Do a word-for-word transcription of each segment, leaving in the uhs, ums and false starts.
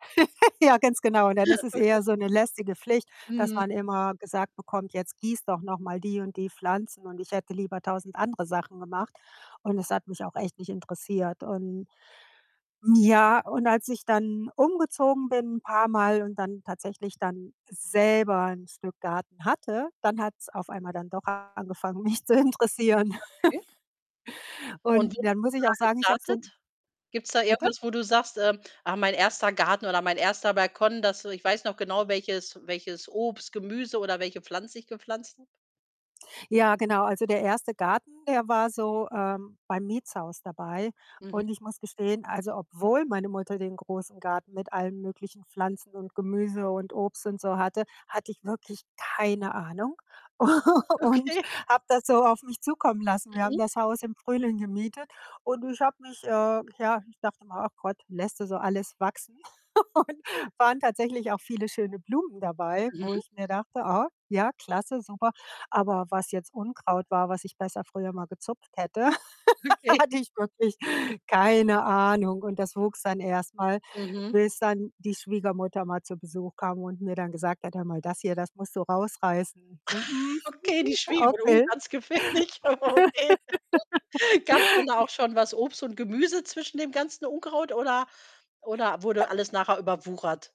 Ja, ganz genau, dann ist es Okay. eher so ‘ne lästige Pflicht, dass Mhm. man immer gesagt bekommt: „Jetzt gieß doch noch mal die und die Pflanzen“ und ich hätte lieber tausend andere Sachen gemacht. Und es hat mich auch echt nicht interessiert. Und, hm, ja, und als ich dann umgezogen bin paarmal und dann tatsächlich dann selber ‘n Stück Garten hatte, dann hat‘s auf einmal dann doch angefangen, mich zu interessieren. Okay. Und Und wie dann muss bist du ich da auch sagen, ich habe so ‘n gestartet? Gibt's da bitte? irgendwas, wo du sagst, ähm: „Ach, mein erster Garten oder mein erster Balkon, das ich weiß noch genau, welches welches Obst, Gemüse oder welche Pflanze ich gepflanzt habe“? Ja, genau. Also, der erste Garten, der war so, ähm, beim Mietshaus dabei. Mhm. Und ich muss gestehen, also, obwohl meine Mutter den großen Garten mit allen möglichen Pflanzen und Gemüse und Obst und so hatte, hatte ich wirklich keine Ahnung u und Okay. habe das so auf mich zukommen lassen. Wir haben Mhm. das Haus im Frühling gemietet und ich habe mich äh, ja, ich dachte immer: „Ach Gott, lässt du so alles wachsen?“ Und waren tatsächlich auch viele schöne Blumen dabei, Mhm. wo ich mir dachte: „Ah, ja, klasse, super.“ Aber was jetzt Unkraut war, was ich besser früher mal gezupft hätte, Okay. hatte ich wirklich keine Ahnung. Und das wuchs dann erst mal, Mhm. bis dann die Schwiegermutter mal zu Besuch kam und mir dann gesagt hat: „Hör mal, das hier, das musst du rausreißen.“ So: „Mhm, Okay, die Schwiegermutter, uh, okay.” ganz gefährlich, okay. Gab‘s denn da auch J schon was Obst und Gemüse zwischen dem ganzen Unkraut oder oder wurde alles nachher überwuchert?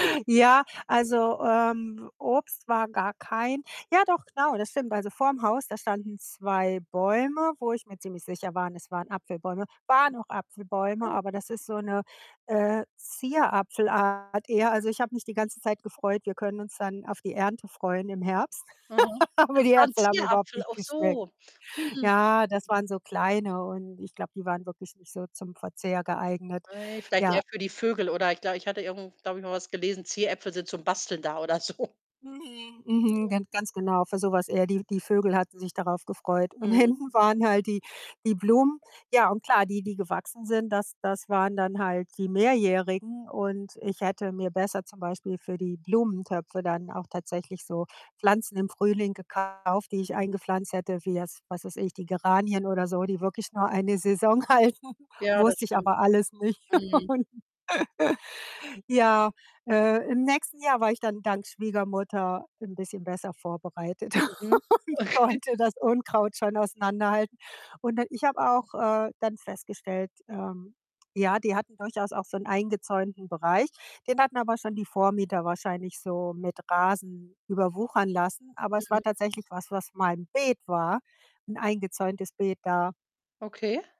Ja, also, ähm, Obst war gar kein ja, doch, genau, das stimmt. Also, vor‘m Haus, da standen zwei Bäume, wo ich mir ziemlich sicher waren, es waren Apfelbäume. Waren auch [unintelligible] Apfelbäume, oh. aber das ist so ‘ne, äh, Zierapfelart eher. Also, ich habe mich die ganze Zeit gefreut, wir können uns dann auf die Ernte freuen im Herbst, Aha. aber Ach, die war ‘n Äpfel haben überhaupt Zierapfel, nicht ach geschmeckt. so. Hm, hm. Ja, das waren so kleine und ich glaube, die waren wirklich nicht so zum Verzehr geeignet. Ei, vielleicht eher Ja. für die Vögel oder ich glaube ich hatte irgendwo, glaube ich, mal was gelesen, Zieräpfel sind zum Basteln da oder so. [unintelligible] mhm. Gan ganz genau, für so was eher die die Vögel hatten sich darauf gefreut. Und Mhm. hinten waren halt die die Blumen. Ja und klar, die die gewachsen sind, das das waren dann halt die Mehrjährigen und ich hätte mir besser zum Beispiel für die Blumentöpfe dann auch tatsächlich so Pflanzen im Frühling gekauft, die ich Mhm. eingepflanzt hätte, wie jetzt, was weiß ich, die Geranien oder so, die wirklich nur eine Saison halten. Ja, das Wusste ich stimmt. aber alles nicht. Mhm. Und, ja, äh, im nächsten Jahr war ich dann dank Schwiegermutter ‘n bisschen besser vorbereitet Mhm. und Okay. konnte das Unkraut schon auseinanderhalten. Und dann ich habe auch, äh, dann festgestellt, ähm, ja, die hatten durchaus auch so ‘n eingezäunten Bereich. Den hatten aber schon die Vormieter wahrscheinlich so mit Rasen überwuchern lassen, aber es war Mhm. tatsächlich was, was mal ‘n Beet war, 'n eingezäuntes Beet da Okay.